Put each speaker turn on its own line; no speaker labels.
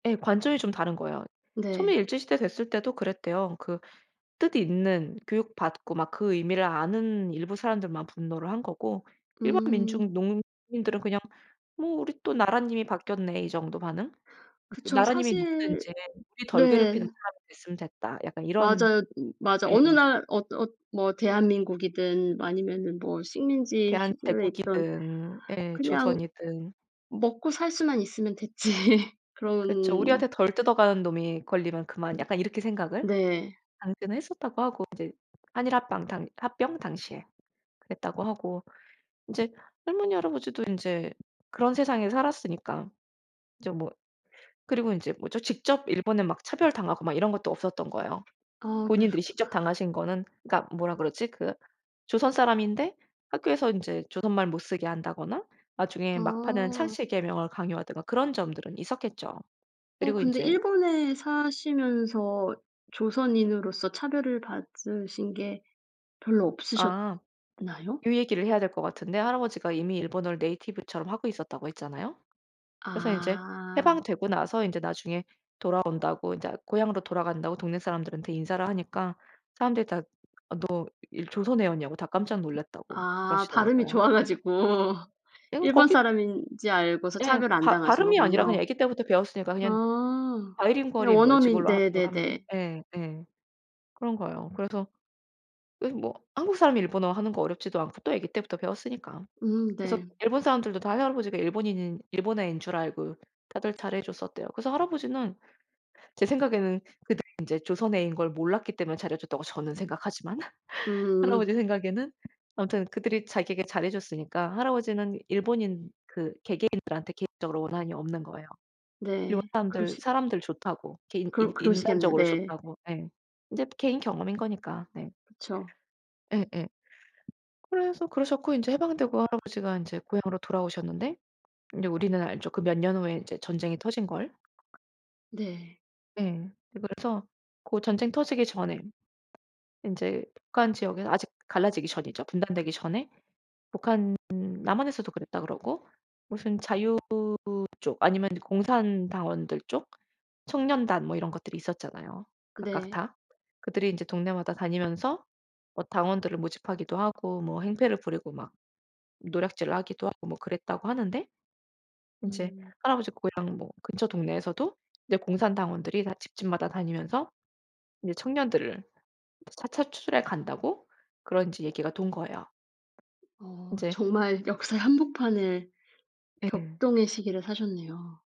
예. 관점이 좀 다른 거예요. 처음에
네.
일제시대 됐을 때도 그랬대요. 그 뜻 있는 교육 받고 막 그 의미를 아는 일부 사람들만 분노를 한 거고 일반
음.
민중 농민들은 그냥 '뭐 우리 또 나라님이 바뀌었네.' 이 정도 반응?
그쵸.
'나라님이
사실
누구든지 우리 덜 괴롭히는
네.
사람이 됐으면 됐다.' 약간 이런
맞아요. 맞아. 어느
예.
날 어떠 어 뭐 대한민국이든 아니면은 뭐 식민지 시절에 있든
대한제국이든 예
그냥
조선이든
먹고 살 수만 있으면 됐지
그쵸.
그런
'우리한테 덜 뜯어가는 놈이 걸리면 그만.' 약간 이렇게 생각을
네.
당시는 했었다고 하고 이제 한일 합방 당 합병 당시에. 그랬다고 하고 이제 할머니, 할아버지도 인제 그런 세상에 살았으니까 인제 뭐 그리고 인제 뭐죠? 직접 일본에 막 차별당하고 막 이런 것도 없었던 거예요.
아
본인들이
그러셨구
직접 당하신 거는 그니까 뭐라 그러지? 그 조선 사람인데 학교에서 인제 조선말 못 쓰게 한다거나 나중에 막판에
아.
창씨개명을 강요하든가 그런 점들은 있었겠죠.
어
그리고
근데
인제
일본에 사시면서 조선인으로서 차별을 받으신 게 별로 없으셨나요?
아. 요 얘기를 해야 될 것 같은데 할아버지가 이미 일본어를 네이티브처럼 하고 있었다고 했잖아요. 그래서 인제
아.
해방되고 나서 인제 나중에 돌아온다고 인자 고향으로 돌아간다고 동네 사람들한테 인사를 하니까 사람들이 다 "너 일 조선 애였냐."고 다 깜짝 놀랐다고
아 발음이
그러시더라고요.
좋아 가지고
에구
일본
거기
사람인지 알고서
예.
차별을 안
바
당하신
발음이 아니라 그냥
거군요.
애기 때부터 배웠으니까 그냥
아 네.
바이링구얼인 거예요.
원어민
지금으로 하 거라면.
네네네.
예. 예. 그런 거예요. 그래서 요즘 뭐 한국 사람이 일본어 하는 거 어렵지도 않고 또 애기 때부터 배웠으니까.
음
그래서
네.
일본 사람들도 다 할아버지가 일본인인 일본 애인 줄 알고 다들 잘해 줬었대요. 그래서 할아버지는 제 생각에는 그들이 인제 조선애인 걸 몰랐기 때문에 잘해 줬다고 저는 생각하지만
음.
할아버지 생각에는 아무튼 그들이 자기에게 잘해 줬으니까 할아버지는 일본인 그 개개인들한테 개인적으로 원한이 없는 거예요. 일본
네.
사람들
그러시
사람들 좋다고, 개인 인
그러 그러시겠네.
인간적으로
네.
좋다고. 예. 이제 개인 경험인 거니까. 네.
그쵸.
예예. 그래서 그러셨고 인제 해방되고 할아버지가 인제 고향으로 돌아오셨는데 이제 우리는 알죠, 그 몇 년 후에 인제 전쟁이 터진걸.
네.
예. 그래서 고 전쟁 터지기 전에 인제 북한 지역에서 아직 갈라지기 전이죠. 분단되기 전에. 북한, 남한에서도 그랬다 그러고 무슨 자유 쪽 아니면 이제 공산당원들 쪽, 청년단 뭐 이런 것들이 있었잖아요. 각각
네.
다. 그들이 이제 동네마다 다니면서 뭐 당원들을 모집하기도 하고 뭐 행패를 부리고 막 노략질을 하기도 하고 뭐 그랬다고 하는데, 인제
음.
할아버지 고향 뭐 근처 동네에서도 이제 공산당원들이 다 집집마다 다니면서 이제 청년들을 차차 추출해 간다고 그런 인제 얘기가 돈 거예요.
어
이제
정말 역사의 한복판을
예.
격동의 시기를 사셨네요.